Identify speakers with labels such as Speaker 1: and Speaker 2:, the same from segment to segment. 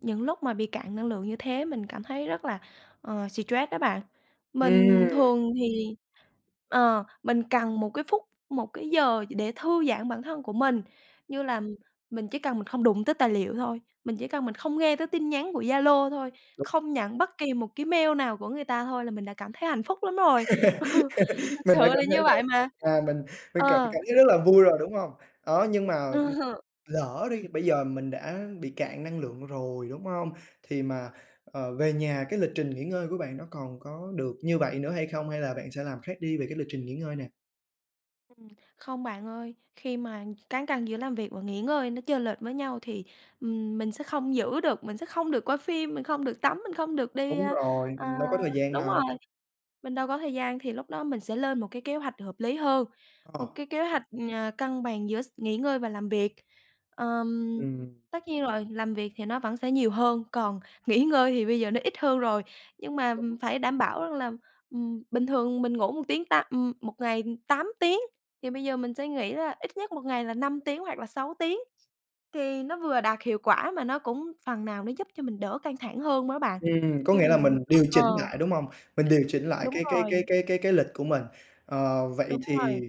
Speaker 1: Những lúc mà bị cạn năng lượng như thế mình cảm thấy rất là, ờ, stress đó bạn. Mình
Speaker 2: Ừm!
Speaker 1: thường thì ờ, mình cần một cái phút, một cái giờ gì để thư giãn bản thân của mình, như là mình chỉ cần mình không đụng tới tài liệu thôi, mình chỉ cần mình không nghe tới tin nhắn của Zalo thôi, không nhận bất kỳ một cái mail nào của người ta thôi, là mình đã cảm thấy hạnh phúc lắm rồi, ừ, thật
Speaker 2: Mình
Speaker 1: sự
Speaker 2: đã
Speaker 1: là
Speaker 2: cảm thấy
Speaker 1: như
Speaker 2: là,
Speaker 1: vậy mà,
Speaker 2: à, mình mình cảm
Speaker 1: ờ.
Speaker 2: cảm thấy rất là vui rồi, đúng hông? Đó, nhưng mà, ừm, lỡ đi, bây giờ mình đã bị cạn năng lượng rồi, đúng hông? Thì mà, ờ, về nhà, cái lịch trình nghỉ ngơi của bạn nó còn có được như vậy nữa hay không, hay là bạn sẽ làm khác đi về cái lịch trình nghỉ ngơi nè?
Speaker 1: Ừm, không bạn ơi. Khi mà cán cân giữa làm việc và nghỉ ngơi nó chênh lệch với nhau thì, ừm, mình sẽ không giữ được, mình sẽ không được coi phim, mình không được tắm, mình không được đi,
Speaker 2: Đúng
Speaker 1: ơ,
Speaker 2: rồi,
Speaker 1: ờ
Speaker 2: mình đâu có thời gian
Speaker 1: đúng rồi,
Speaker 2: đâu.
Speaker 1: mình đâu có thời gian. Thì lúc đó mình sẽ lên một cái kế hoạch hợp lý hơn, một
Speaker 2: Ờ.
Speaker 1: cái kế hoạch, ờ, cân bằng giữa x nghỉ ngơi và làm việc. Ờm,
Speaker 2: Ừm.
Speaker 1: tất nhiên rồi, làm việc thì nó vẫn sẽ nhiều hơn, còn nghỉ ngơi thì bây giờ nó ít hơn rồi, nhưng mà, ừm,
Speaker 2: [unintelligible]
Speaker 1: phải đảm bảo rằng là, ừm, bình thường mình ngủ 1 tiếng tám, ừm, 1 ngày 8 tiếng, thì bây giờ mình sẽ nghỉ là ít nhất 1 ngày là 5 tiếng hoặc là 6 tiếng, thì nó vừa đạt hiệu quả mà nó cũng phần nào nó giúp cho mình đỡ căng thẳng hơn m đó bạn.
Speaker 2: Ừm, có
Speaker 1: Khi mà
Speaker 2: nghĩa là mình
Speaker 1: mình
Speaker 2: điều
Speaker 1: ờ.
Speaker 2: chỉnh lại, đúng hông? Mình điều chỉnh lại
Speaker 1: Đúng
Speaker 2: cái cái
Speaker 1: rồi.
Speaker 2: cái cái cái cái lịch của mình. Ờ, vậy
Speaker 1: Đúng
Speaker 2: thì
Speaker 1: rồi.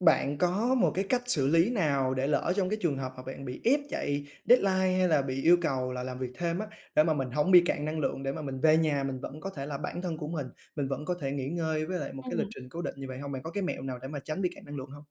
Speaker 2: bạn có một cái cách xử lý nào để lỡ trong cái trường hợp mà bạn bị ép chạy deadline, hay là bị yêu cầu là làm việc thêm á, để mà mình hổng bị cạn năng lượng, để mà mình về nhà mình vẫn có thể là bản thân của mình, mình vẫn có thể nghỉ ngơi với lại một cái lịch
Speaker 1: Ừm.
Speaker 2: trình cố định như vậy hông? Bạn có cái mẹo nào để mà tránh bị cạn năng lượng hông?